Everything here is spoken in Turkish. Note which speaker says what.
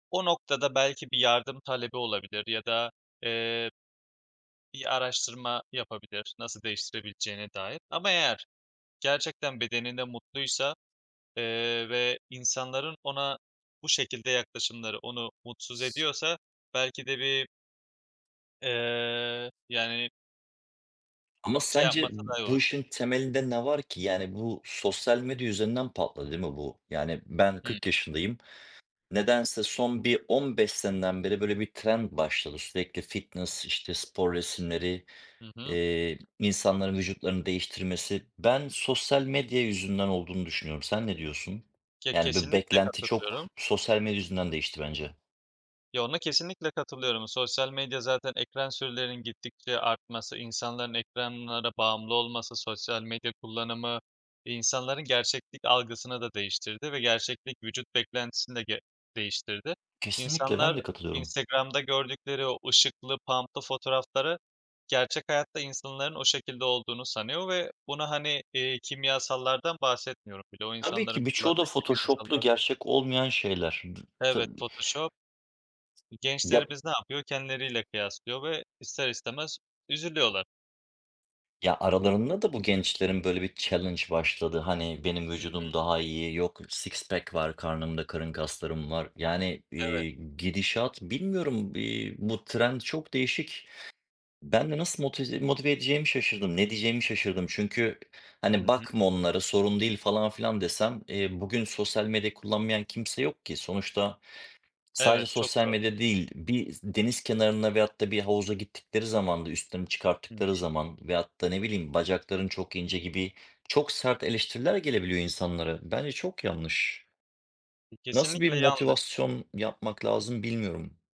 Speaker 1: O noktada belki bir yardım talebi olabilir ya da eee bir araştırma yapabilir, nasıl değiştirebileceğine dair. Ama eğer gerçekten bedeninde mutluysa, eee, ve insanların ona bu şekilde yaklaşımları onu mutsuz
Speaker 2: S
Speaker 1: ediyorsa belki de bir eee, yani
Speaker 2: Ama
Speaker 1: Şey
Speaker 2: sence
Speaker 1: yapmasa daha iyi
Speaker 2: bu
Speaker 1: olabilir.
Speaker 2: işin temelinde ne var ki? Yani, bu sosyal medya yüzünden patladı değil mi bu? Yani ben
Speaker 1: Hıı.
Speaker 2: 40 yaşındayım. Nedense son bir 15 seneden beri, böyle, bir trend başladı. Sürekli fitness, işte, spor resimleri,
Speaker 1: Hı hı.
Speaker 2: eee, insanların vücutlarını değiştirmesi. Ben sosyal medya yüzünden olduğunu düşünüyorum. Sen ne diyorsun?
Speaker 1: Ke
Speaker 2: Yani, bu
Speaker 1: kesinlikle
Speaker 2: beklenti çok
Speaker 1: katılıyorum.
Speaker 2: sosyal medya yüzünden değişti bence.
Speaker 1: Yo, ona kesinlikle katılıyorum. Sosyal medya zaten ekran sürelerinin gittikçe artması, insanların ekranlara bağımlı olması, sosyal medya kullanımı insanların gerçeklik algısını da değiştirdi ve gerçeklik vücut beklentisini de ge değiştirdi.
Speaker 2: Kesinlikle
Speaker 1: İnsanlar
Speaker 2: ben de katılıyorum.
Speaker 1: Instagram'da gördükleri o ışıklı, pump'lı fotoğrafları gerçek hayatta insanların o şekilde olduğunu sanıyor ve bunu, hani, eee, kimyasallardan bahsetmiyorum bile. O
Speaker 2: Tabii
Speaker 1: insanların
Speaker 2: ki birçoğu
Speaker 1: kullandığı
Speaker 2: da Photoshop'lu,
Speaker 1: kimyasallar
Speaker 2: gerçek olmayan şeyler. Dı ta
Speaker 1: Evet, Photoshop. E,
Speaker 2: Ya
Speaker 1: gençlerimiz ne yapıyor? Kendileriyle kıyaslıyor ve ister istemez üzülüyorlar.
Speaker 2: Ya, aralarında da bu gençlerin, böyle, bir challange başladı. Hani, benim
Speaker 1: Hı hı.
Speaker 2: vücudum daha iyi, yok "six pack var karnımda, karın kaslarım var." Yani,
Speaker 1: Evet.
Speaker 2: eee, gidişat bilmiyorum, eee, bu trend çok değişik. Ben de nasıl motiz motive edeceğimi şaşırdım. Ne diyeceğimi şaşırdım. Çünkü
Speaker 1: Hı
Speaker 2: hani,
Speaker 1: hı.
Speaker 2: "Bakma onlara sorun değil." falan filan desem, eee, bugün sosyal medya kullanmayan kimse yok ki. Sonuçta sadece
Speaker 1: Evet, çok
Speaker 2: sosyal
Speaker 1: zor.
Speaker 2: medya değil, bir s deniz kenarına veyahut da bir havuza gittikleri zaman da üstlerini
Speaker 1: Hı hı.
Speaker 2: çıkarttıkları zaman veyahut da ne bileyim "Bacakların çok ince." gibi çok sert eleştiriler gelebiliyor insanlara. Bence çok yanlış. Nasıl bir
Speaker 1: Kesinlikle yanlış.
Speaker 2: motivasyon yapmak lazım bilmiyorum.